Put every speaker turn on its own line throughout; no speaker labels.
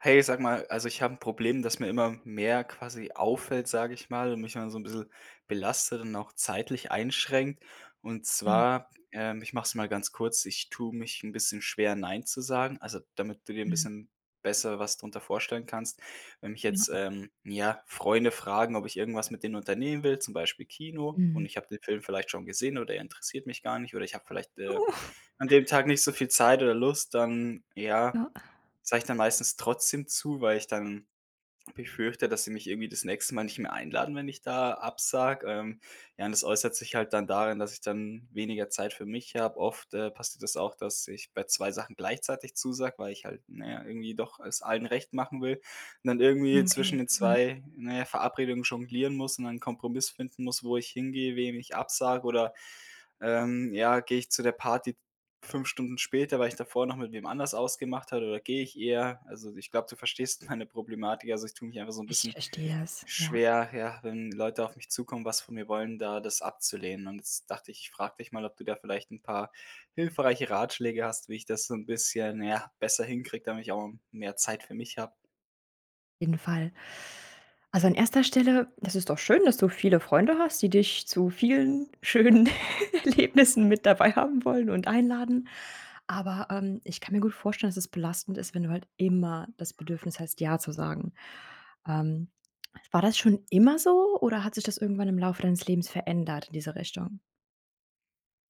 Hey, sage mal, also ich habe 'n Problem, dass mir immer mehr quasi auffällt, sage ich mal, und mich immer so 'n bissel belastet und auch zeitlich einschränkt. Und
Mhm.
zwar, ähm, ich mache es mal ganz kurz, ich tue mich 'n bisschen schwer nein zu sagen, also damit du dir 'n
Mhm.
bisschen besser was drunter vorstellen kannst. Wenn mich jetzt,
Ja.
ähm, ja, Freunde fragen, ob ich irgendwas mit denen unternehmen will, zum Beispiel Kino. Und
Mhm.
ich habe den Film vielleicht schon gesehen oder er interessiert mich gar nicht, oder ich habe vielleicht, äh,
Uh.
an dem Tag nicht so viel Zeit oder Lust, dann, ja,
Ja.
sage ich dann meistens trotzdem zu, weil ich dann befürchte, dass sie mich irgendwie das nächste Mal nicht mehr einladen, wenn ich da absage, ähm, ja, und das äußert sich halt dann darin, dass ich dann weniger Zeit für mich habe. Oft, äh, passiert das auch, dass ich bei 2 Sachen gleichzeitig zusage, weil ich halt, na ja, irgendwie doch es allen recht machen will, und dann irgendwie
Okay,
zwischen den
mhm.
2, na ja, Verabredungen jonglieren muss und 'nen Kompromiss finden muss, wo ich hingehe, wem ich absage oder, ähm, ja, gehe ich zu der Party 5 Stunden später, weil ich davor noch mit wem anders ausgemacht habe oder gehe ich eher also ich glaube, du verstehst meine Problematik. Also ich tue mich einfach so 'n
Ich
bisschen
verstehe das, ja.
schwer, ja, wenn Leute auf mich zukommen, was von mir wollen, da das abzulehnen. Und jetzt dachte ich, ich frage dich mal, ob du da vielleicht 'n paar hilfreiche Ratschläge hast, wie ich das so 'n bisschen, ja, besser hinkriege, damit ich auch m mehr Zeit für mich habe.
Jeden Fall. Also an 1. Stelle. Das ist doch schön, dass du viele Freunde hast, die dich zu vielen schönen Erlebnissen mit dabei haben wollen und einladen. Aber, ähm, ich kann mir gut vorstellen, dass das belastend ist, wenn du halt immer das Bedürfnis hast, ja zu sagen. Ähm, war das schon immer so, oder hat sich das irgendwann im Laufe deines Lebens verändert diese Richtung?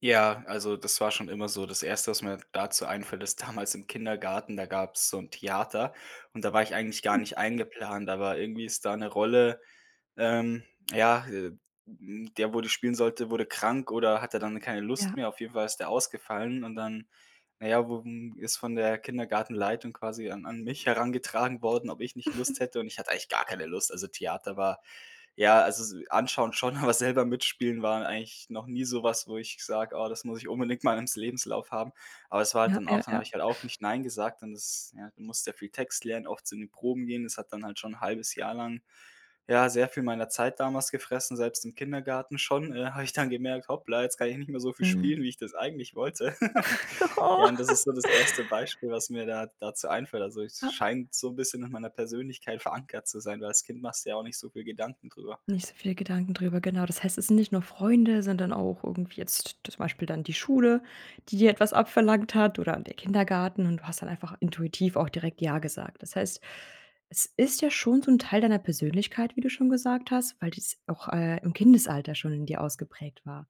Ja, also das war schon immer so. Das 1., was mir dazu einfällt, ist damals im Kindergarten, da gab's so 'n Theater und da war ich eigentlich gar nicht eingeplant, aber irgendwie ist da 'ne Rolle ähm ja, äh, ähm, der, wo die spielen sollte, wurde krank, oder hatte dann keine Lust
Ja.
mehr. Auf jeden Fall ist der ausgefallen und dann, na ja, wu m ist von der Kindergartenleitung quasi an an mich herangetragen worden, ob ich nicht Lust hätte und ich hatte eigentlich gar keine Lust. Also Theater war ja, also s anschauen schon, aber selber mitspielen waren eigentlich noch nie sowas, wo ich sage: „Oh, das muss ich unbedingt mal ims Lebenslauf haben.“ Aber es war halt
Ja,
dann
ja,
auch dann habe
ja.
ich halt auch nicht nein gesagt und das ja, du musst ja viel Text lernen, oft zu den Proben gehen. Das hat dann halt schon 1/2 Jahr lang, ja, sehr viel meiner Zeit damals gefressen, selbst im Kindergarten schon, äh, habe ich dann gemerkt: „Hoppla, jetzt kann ich nicht mehr so viel
Mhm.
spielen, wie ich das eigentlich wollte.“ Ja, und das ist so das 1. Beispiel, was mir da dazu einfällt. Also, es
Ja.
scheint so bisschen nach meiner Persönlichkeit verankert zu sein, weil als Kind machst dir ja auch nicht so viele Gedanken drüber.
Nicht so viele Gedanken drüber, genau. Das heißt, es sind nicht nur Freunde, sondern auch irgendwie jetzt zum Beispiel dann die Schule, die dir etwas abverlangt hat, oder der Kindergarten. Und du hast dann einfach intuitiv auch direkt ja gesagt. Das heißt, es ist ja schon so 'n Teil deiner Persönlichkeit, wie du schon gesagt hast, weil das auch, äh, im Kindesalter schon in dir ausgeprägt war.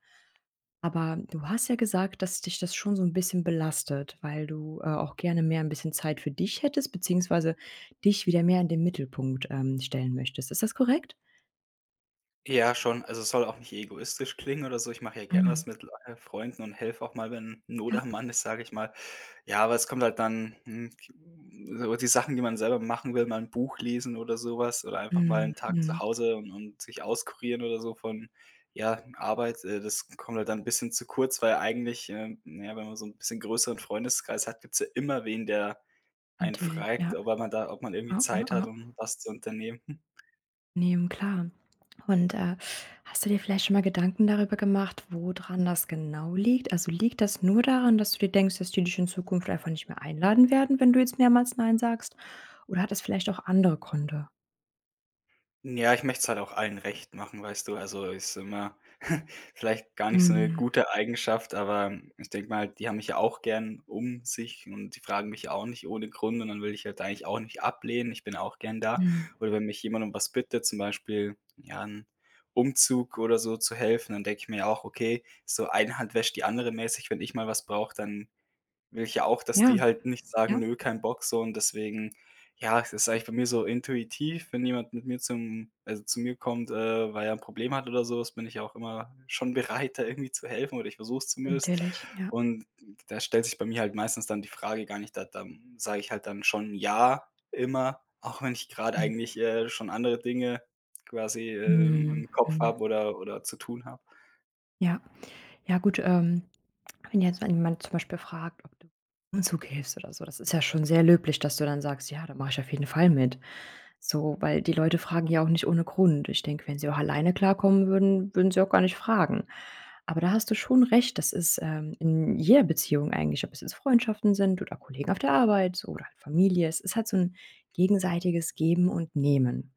Aber du hast ja gesagt, dass dich das schon so 'n bisschen belastet, weil du, äh, auch gerne mehr 'n bisschen Zeit für dich hättest beziehungsweise dich wieder mehr in den Mittelpunkt, ähm, stellen möchtest. Ist das korrekt?
Ja, schon. Also, es soll auch nicht egoistisch klingen oder so. Ich mache ja gerne
Mhm.
was mit Leu äh, Freunden und helfe auch mal, wenn Not
Ja.
am Mann ist, sage ich mal. Ja, aber es kommt halt dann, hm, j m so die Sachen, die man selber machen will, mal 'n Buch lesen oder sowas oder einfach mal
Mhm,
'n Tag zu
mhm.
Hause und und sich auskurieren oder so von, ja, Arbeit, äh, das kommt halt dann bisschen zu kurz, weil eigentlich, ähm, na ja, wenn man so 'n bisschen größeren Freundeskreis hat, gibt's ja immer wen, der einen
Natürlich,
fragt,
ja.
ob man da ob man irgendwie
Ah, hm,
Zeit hat,
ah.
um was zu unternehmen, hm.
Ne, hm, klar. Und, äh, hast du dir vielleicht schon mal Gedanken darüber gemacht, wo dran das genau liegt? Also, liegt das nur daran, dass du dir denkst: „Dass die dich in Zukunft einfach nicht mehr einladen werden, wenn du jetzt mehrmals nein sagst“? Oder hat das vielleicht auch andere Gründe?
Ja, ich möcht's halt auch allen recht machen, weißt du, also, ist immer vielleicht gar nicht so 'ne
Mhm.
gute Eigenschaft, aber ich denke mir halt, die haben mich ja auch gern um sich und die fragen mich ja auch nicht ohne Grund und dann will ich halt eigentlich auch nicht ablehnen. Ich bin auch gern da.
Mhm.
Und wenn mich jemand um was bittet, zum Beispiel, ja, 'n Umzug oder so zu helfen, dann denke ich mir ja auch: „Okay, so eine Hand wäscht die andere mäßig“, wenn ich mal was brauche, dann will ich ja auch, dass
Ja,
die halt nicht sagen:
ja.
"Nö, kein Bock" so und deswegen. Ja, es ist eigentlich bei mir so intuitiv, wenn jemand mit mir zum also, zu mir kommt, äh, weil er 'n Problem hat oder sowas bin ich auch immer schon bereit, da irgendwie zu helfen, oder ich versuch's zumindest.
Natürlich, ja.
Und d da stellt sich bei mir halt meistens dann die Frage gar nicht, da da sage ich halt dann schon „ja“, immer, auch wenn ich gerade
[unintelligible]
eigentlich, äh, schon andere Dinge quasi, äh, im
Mhm,
im Kopf
mhm.
habe oder oder zu tun habe.
Ja. Ja, gut, ähm, wenn jetzt ein jemand zum Beispiel fragt, ob du [unintelligible] Umzug hilfst oder so. Das ist ja schon sehr löblich, dass du dann sagst: "Ja, da mache ich auf jeden Fall mit" so, weil die Leute fragen ja auch nicht ohne Grund. Ich denke, wenn sie auch alleine klarkommen würden, würden sie auch gar nicht fragen. Aber da hast du schon recht. Das ist, ähm, in jeder Beziehung eigentlich, ob es jetzt Freundschaften sind oder Kollegen auf der Arbeit oder halt Familie Es ist halt so 'n gegenseitiges Geben und Nehmen.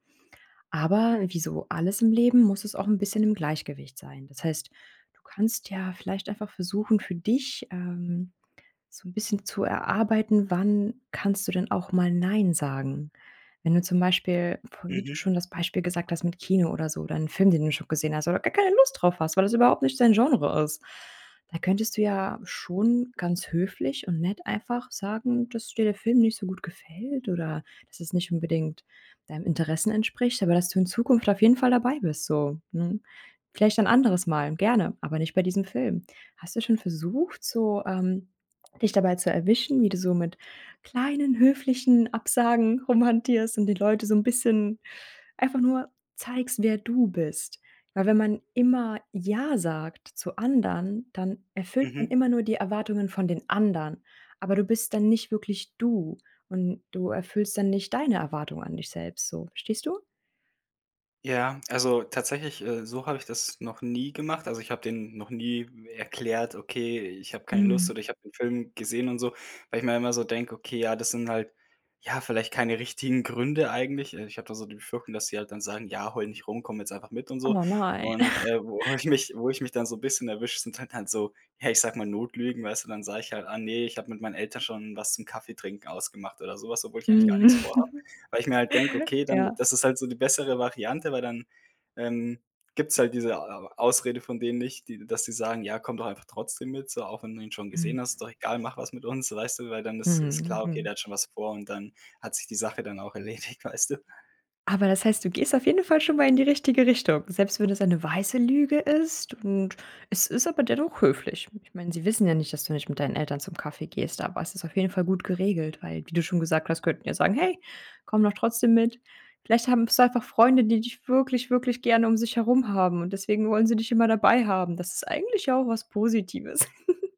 Aber wie so alles im Leben muss es auch 'n bisschen im Gleichgewicht sein. Das heißt, du kannst ja vielleicht einfach versuchen, für dich, ähm, so 'n bisschen zu erarbeiten, wann kannst du denn auch mal nein sagen? Wenn du zum Beispiel, f wie du
Mhm.
schon das Beispiel gesagt hast mit Kino oder so, oder 'n Film, den du schon gesehen hast oder gar keine Lust drauf hast, weil das überhaupt nicht dein Genre ist. Da könntest du ja schon ganz höflich und nett einfach sagen, dass dir der Film nicht so gut gefällt, oder das es nicht unbedingt deinen Interessen entspricht. Aber dass du in Zukunft auf jeden Fall dabei bist, so, mhm. Vielleicht ein anderes Mal gerne, aber nicht bei diesem Film. Hast du schon versucht, so, ähm, dich dabei zu erwischen, wie du so mit kleinen höflichen Absagen rumhantierst und die Leute so 'n bisschen einfach nur zeigst, wer du bist. Weil wenn man immer ja sagt zu anderen, dann erfüllt man
Mhm.
immer nur die Erwartungen von den anderen. Aber du bist dann nicht wirklich du. Und du erfüllst dann nicht deine Erwartungen an dich selbst, so verstehst du?
Ja, also tatsächlich, äh, so habe ich das noch nie gemacht. Also ich habe den noch nie erklärt: „Okay, ich habe keine Lust
Mhm.
oder ich habe den Film gesehen“ und so, weil ich mir immer so denke: „Okay, ja, das sind halt, ja, vielleicht keine richtigen Gründe eigentlich.“ Äh, ich habe da so die Befürchtung, dass sie halt dann sagen: „Ja, heule nicht rum, komme jetzt einfach mit“ und so.
Oh nein.
Und, äh, wo ich mich wo ich mich dann so bisschen erwische, sind halt dann so, ja, ich sage mal Notlügen, weißt du, dann sage ich halt: „Ah ne, ich habe mit meinen Eltern schon was zum Kaffeetrinken ausgemacht“ oder sowas, obwohl ich eigentlich gar
Mhm.
nix vorhabe. Weil ich mir halt denke: „Okay, dann
Ja.
das ist halt so die bessere Variante“, weil dann, ähm, gibt's halt diese Au Ausrede von denen nicht, die dass sie sagen: „Ja, komm doch einfach trotzdem mit so, auch wenn du ihn schon
Mm.
gesehen hast, ist doch egal, mach was mit uns“, so weißt du, weil dann ist ist
Mhm,
klar: „Okay,
mhm.
der hat schon was vor“ und dann hat sich die Sache dann auch erledigt, weißt du.
Aber das heißt, du gehst auf jeden Fall schon mal in die richtige Richtung. Selbst wenn das eine weiße Lüge ist. Und es ist aber dennoch höflich. Ich meine, sie wissen ja nicht, dass du nicht mit deinen Eltern zum Kaffee gehst, aber es ist auf jeden Fall gut geregelt, weil, wie du schon gesagt hast, könnten ja sagen: „Hey, komm doch trotzdem mit.“ Vielleicht haben hast du einfach Freunde, die dich wirklich, wirklich gerne um sich herum haben. Und deswegen wollen sie dich immer dabei haben. Das ist eigentlich ja auch was Positives.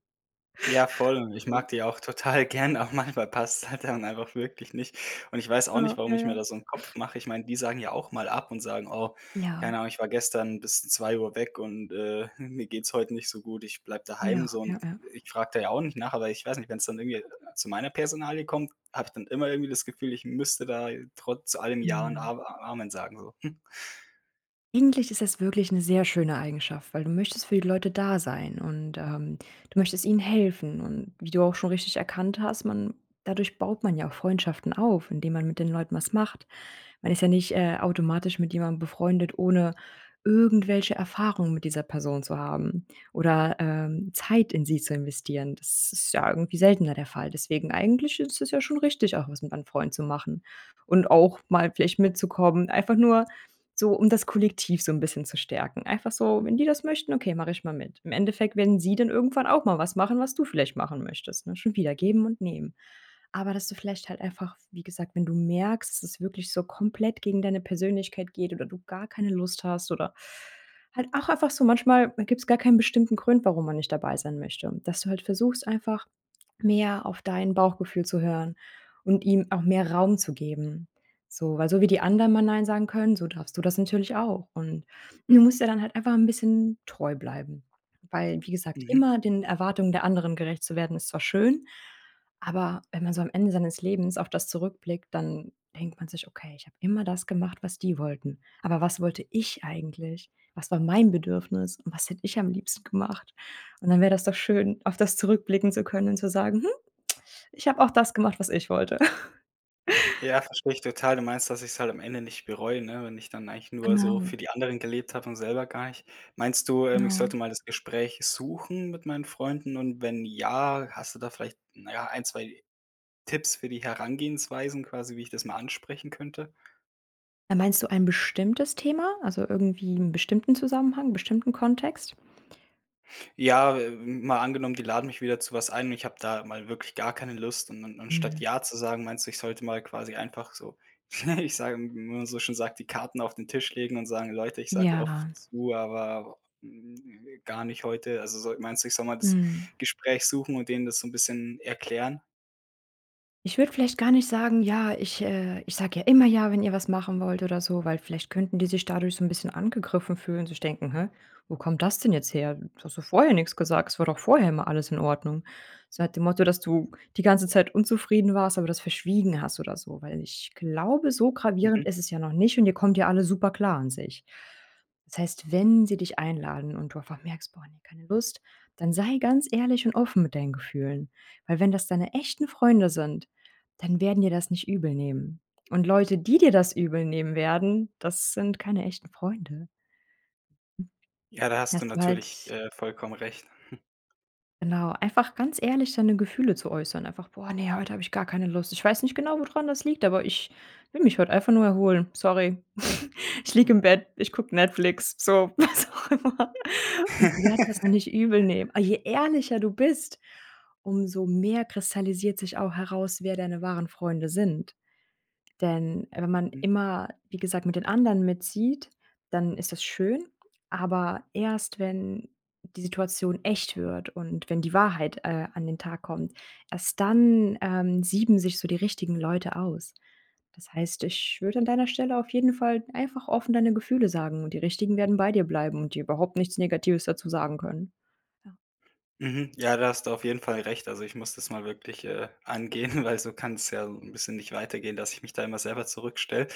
Ja, voll und ich
Ja.
mag die auch total gern, aber manchmal passt's halt dann einfach wirklich nicht. Und ich weiß auch nicht,
Ja,
warum
ja,
ich mir
ja.
da so 'n Kopf mache. Ich meine, die sagen ja auch mal ab und sagen: „Oh,
Ja.
keine Ahnung, ich war gestern bis 2:00 weg und, äh, mir geht's heute nicht so gut, ich bleibe
Ja,
daheim“ so und
ja, ja.
ich frage da ja auch nicht nach, aber ich weiß nicht, wenn es dann irgendwie zu meiner Personalie kommt, habe ich dann immer irgendwie das Gefühl, ich müsste da trotz zu allem Ja und
Mhm.
Am A Amen sagen, so.
Eigentlich ist es wirklich 'ne sehr schöne Eigenschaft, weil du möchtest für die Leute da sein. Und, ähm, du möchtest ihnen helfen und wie du auch schon richtig erkannt hast man dadurch baut man ja auch Freundschaften auf, indem man mit den Leuten was macht. Man ist ja nicht, äh, automatisch mit jemandem befreundet, ohne irgendwelche Erfahrungen mit dieser Person zu haben. Oder, ähm, Zeit in sie zu investieren. Das ist ja irgendwie seltener der Fall. Deswegen, eigentlich ist es ja schon richtig, auch was mit deinen Freunden zu machen und auch mal vielleicht mitzukommen, einfach nur so, um das Kollektiv so 'n bisschen zu stärken. Einfach so: „Wenn die das möchten, okay, mache ich mal mit.“ Im Endeffekt werden sie dann irgendwann auch mal was machen, was du vielleicht machen möchtest, ne, schon wieder Geben und Nehmen. Aber dass du vielleicht halt einfach wie gesagt, wenn du merkst, dass wirklich so komplett gegen deine Persönlichkeit geht oder du gar keine Lust hast, oder halt auch einfach so. Manchmal, da gibt's gar keinen bestimmten Grund, warum man nicht dabei sein möchte, dass du halt versuchst, einfach mehr auf dein Bauchgefühl zu hören und ihm auch mehr Raum zu geben. So weil so wie die anderen mal nein sagen können, so darfst du das natürlich auch. Und du musst dir dann halt einfach 'n bisschen treu bleiben, weil, wie gesagt,
Mhm.
immer den Erwartungen der anderen gerecht zu werden, ist zwar schön, aber wenn man so am Ende seines Lebens auf das zurückblickt, dann denkt man sich: „Okay, ich habe immer das gemacht, was die wollten, aber was wollte ich eigentlich? Was war mein Bedürfnis? Und was hätte ich am liebsten gemacht?“ Und dann wäre das doch schön, auf das zurückblicken zu können und zu sagen: „Hm, ich habe auch das gemacht was ich wollte.“
Ja, verstehe ich total. Du meinst, dass ich's halt am Ende nicht bereue, ne, wenn ich dann eigentlich nur so
Genau.
für die anderen gelebt habe und selber gar nicht. Meinst du, ähm, ich
Ja.
sollte mal das Gespräch suchen mit meinen Freunden und wenn ja, hast du da vielleicht, na ja, 1, 2 Tipps für die Herangehensweisen quasi, wie ich das mal ansprechen könnte?
Äh, meinst du ein bestimmtes Thema? Also irgendwie 'n bestimmten Zusammenhang bestimmten Kontext?
Ja, äh, m mal angenommen, die laden mich wieder zu was ein, und ich habe da mal wirklich gar keine Lust, und und und statt
Mhm.
ja zu sagen, meinst du, ich sollte mal quasi einfach so ich sage, [unintelligible] wie man so schön sagt: „Die Karten auf den Tisch legen“ und sagen: „Leute, ich sage oft
Ja.
zu, aber gar nicht heute.“ Also sol meinst du, ich soll mal das
Mhm.
Gespräch suchen und denen das so 'n bisschen erklären?
Ich würde vielleicht gar nicht sagen: „Ja, ich, äh ich sage ja immer ja, wenn ihr was machen wollt oder so“, weil vielleicht könnten die sich dadurch so 'n bisschen angegriffen fühlen sich denken: „Hä, wo kommt das denn jetzt her? Du hast doch vorher nix gesagt. Es war doch vorher immer alles in Ordnung.“ So nach dem Motto, dass du die ganze Zeit unzufrieden warst, aber das verschwiegen hast oder so, weil ich glaube, so
Mhm.
gravierend ist es ja noch nicht und ihr kommt ja alles super klar an sich. Das heißt, wenn sie dich einladen und du einfach merkst: „Boah, ne, keine Lust“, dann sei ganz ehrlich und offen mit deinen Gefühlen. Weil wenn das deine echten Freunde sind, dann werden dir das nicht übel nehmen. Und Leute, die dir das übel nehmen werden. Das sind keine echten Freunde.
Ja, da hast du
Hast du
natürlich,
halt
äh, vollkommen recht.
Genau, einfach ganz ehrlich, seine Gefühle zu äußern. Einfach: „Boah, ne, heute habe ich gar keine Lust. Ich weiß nicht genau, wodran das liegt, aber ich will mich heute einfach nur erholen. Sorry, ich liege im Bett, ich gucke Netflix.“ So was auch immer. Und die werden das auch nicht übel nehmen. A je ehrlicher du bist, umso mehr kristallisiert sich auch heraus, wer deine wahren Freunde sind. Denn wenn man
Mhm.
immer, wie gesagt mit den anderen mitzieht, dann ist das schön. Aber erst, wenn die Situation echt wird und wenn die Wahrheit, äh, an den Tag kommt erst dann, ähm, sieben sich so die richtigen Leute aus. Das heißt, ich würde an deiner Stelle auf jeden Fall einfach offen deine Gefühle sagen. Und die Richtigen werden bei dir bleiben und dir überhaupt nichts Negatives dazu sagen können. Ja.
Mhm ja, da hast du auf jeden Fall recht. Also, ich muss das mal wirklich, äh, angehen, weil so kann's ja 'n bisschen nicht weitergehen, dass ich mich da immer selber zurückstelle.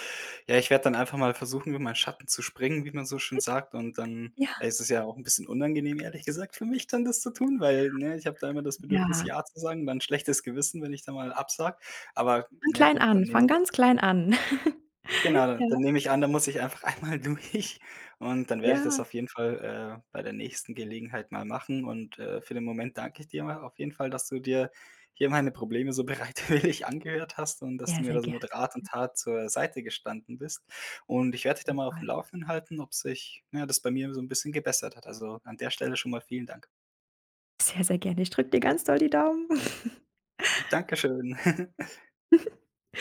Ja, ich werde dann einfach mal versuchen, [unintelligible] meinen Schatten zu springen, wie man so schön
[unintelligible]
sagt und dann
Ja.
ist es ja auch 'n bisschen unangenehm, ehrlich gesagt, für mich dann das zu tun, weil ne, ich habe da immer das
Ja.
Bedürfnis,
Ja.
ja zu sagen und 'n schlechtes Gewissen, wenn ich da mal absage. Aber
Fang
ja,
klein
gut, dann
an,
nehme
fang
ich
ganz klein an.
Genau, dann
Ja.
nehme ich an dann muss ich einfach einmal durch und dann werde ich das
Ja.
auf jeden Fall, äh, bei der nächsten Gelegenheit mal machen und, äh, für den Moment danke ich dir mal auf jeden Fall, dass du dir hier meine Probleme so bereitwillig angehört hast und dass du
Ja,
mir
sehr
da so
gerne.
mit Rat und Tat zur Seite gestanden bist. Und ich werde dich da mal auf
[unintelligible]
dem Laufen halten, ob sich, ja, das bei mir so 'n bisschen gebessert hat. Also an der Stelle schon mal vielen Dank.
Sehr, sehr gerne. Ich drücke dir ganz doll die Daumen.
Dankeschön.